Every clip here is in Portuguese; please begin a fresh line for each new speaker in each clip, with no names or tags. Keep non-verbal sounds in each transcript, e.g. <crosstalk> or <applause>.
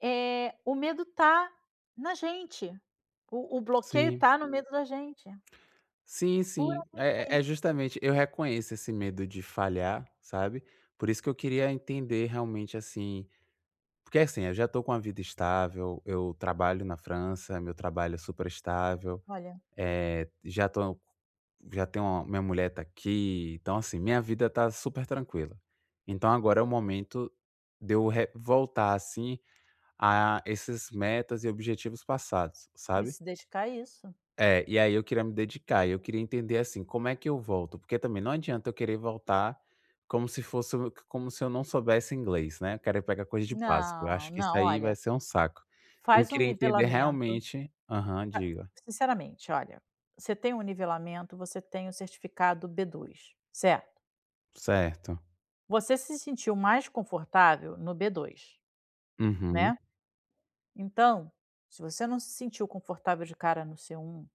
Eh, o medo está na gente, o o bloqueio
Sim.
está no medo da gente.
Sim, sim.
Puramente
É é
aí.
justamente, eu reconheço esse medo de falhar, sabe, por isso que eu queria entender realmente, assim porque é assim, eu já estou com a vida estável, eu trabalho na França, meu trabalho é super estável,
Olha
eh, já to já tenho a minha mulher está aqui, então assim, minha vida está super tranquila. Então agora é o momento de eu re voltar assim, a esses metas e objetivos passados,
E
sabe.
se dedicar a isso.
É, e aí eu queria me dedicar, e eu queria entender assim, como é que eu volto? Porque também não adianta eu querer voltar como se fosse o como se eu não soubesse inglês, né, eu querer ir pegar coisa de básico, eu acho
Não,
que isso
não,
aí vai
olha
ser um saco. Eu
Faz um
queria entender
nivelamento
realmente aham, diga.
ca sinceramente, olha, você tem um nivelamento, você tem o certificado B2, certo?
Certo.
Você se sentiu mais confortável no B2,
Uhum.
né. Então, se você não se sentiu confortável de cara no C1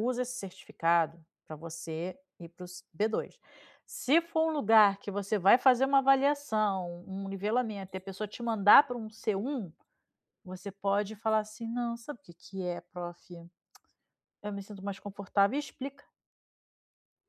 usa esse certificado para você ir para os B2. Se for um lugar que você vai fazer uma avaliação, um nivelamento, e a pessoa te mandar para um C1, você pode falar assim: "Não, sabe o que que é prófi, <clicks tongue> eu me sinto mais confortável" e explica.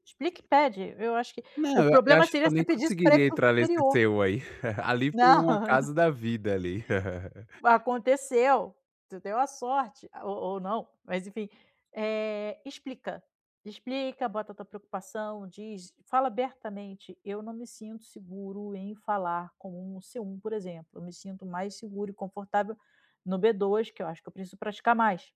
Explica e pede, eu acho que o
Não, eu eu
problema
acho que
seria
eu
você
nem
pedisse para ele
conseguiria
para ir para o
entrar nesse
superior.
seu aí. <chuckles> Ali foi
Não.
um acaso da vida ali. <laughs>
Aconteceu, você deu a sorte, a ou ou não, mas enfim. Eh, explica. Explica, bota a tua preocupação, diz, fala abertamente: "Eu não me sinto seguro em falar com um C1, por exemplo. Eu me sinto mais seguro e confortável no B2, que eu acho que eu preciso praticar mais".